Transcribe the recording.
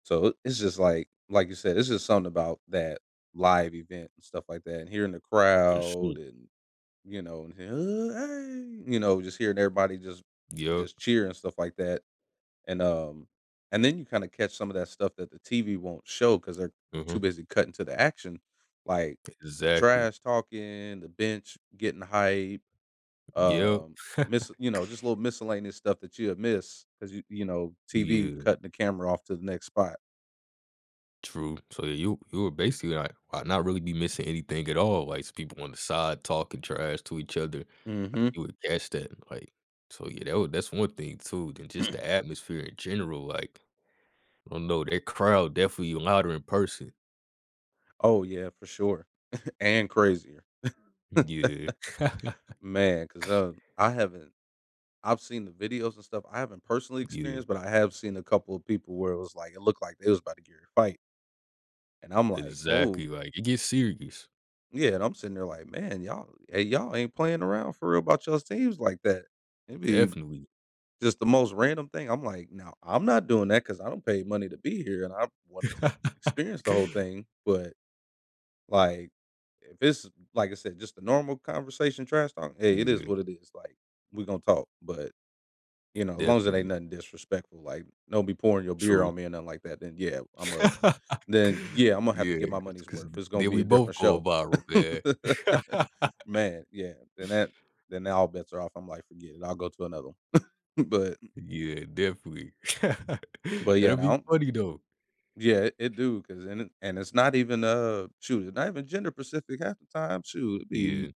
So, i it's just like like you said, it's just something about that live event and stuff like that, and hearing the For crowd sure. and you know, "Hey," you know, just hearing everybody just Yeah. just cheer and stuff like that, and, um, and then you kind of catch some of that stuff that the TV won't show 'cause they're too Mhm. busy cutting to the action like the Exactly. trash talking, the bench getting hype. Yep. Um, mis you know, just a little miscellaneous stuff that you have missed 'cause you you know, TV Yeah. cut the camera off to the next spot. True, so you you were basically like, not really be missing anything at all, like s people on the side talking trash to each other, like Mhm. you would guess that, like, so yeah, that w that's one thing too, then just the atmosphere in general like. I don't know, that crowd definitely louder in person. Oh yeah, for sure, and crazier. N yeah. Man, ‘cause, uh, I haven't I've seen the videos and stuff. I haven't personally Yeah. experienced, but I have seen a couple of people where it was like, it looked like they was about to get in a fight. And I'm like, oh. Exactly, like, it gets serious. Yeah, and I'm sitting there like, "Man, y'all hey, y'all ain't playing around for real about yall's teams like that." It'd be Definitely. just the most random thing. I'm like, "No, I'm not doing that 'cause I don't pay money to be here and I wanted to experience the whole thing, but, like, if it's, like I said, just a normal conversation trash talk, hey, it is Yeah. what it is, like, we're gonna talk, but, you know, as long as it ain't Definitely. nothing disrespectful, like, don't be pouring your beer True. on me or nothing like that, then yeah, Imma then, yeah, Imma have to Yeah, get my 'cause money's 'cause worth. th It's gonna then be we a both different go show. viral, man. Man, yeah. Then that then all bets are off. I'm like, "Forget it. I'll go to another one." But m Yeah, definitely. but yeah, I That'd be don't funny though. Yeah, it it do 'cause and and it's not even, uh, shoot, it's not even gender-specific half the time, shoot, it Yeah. be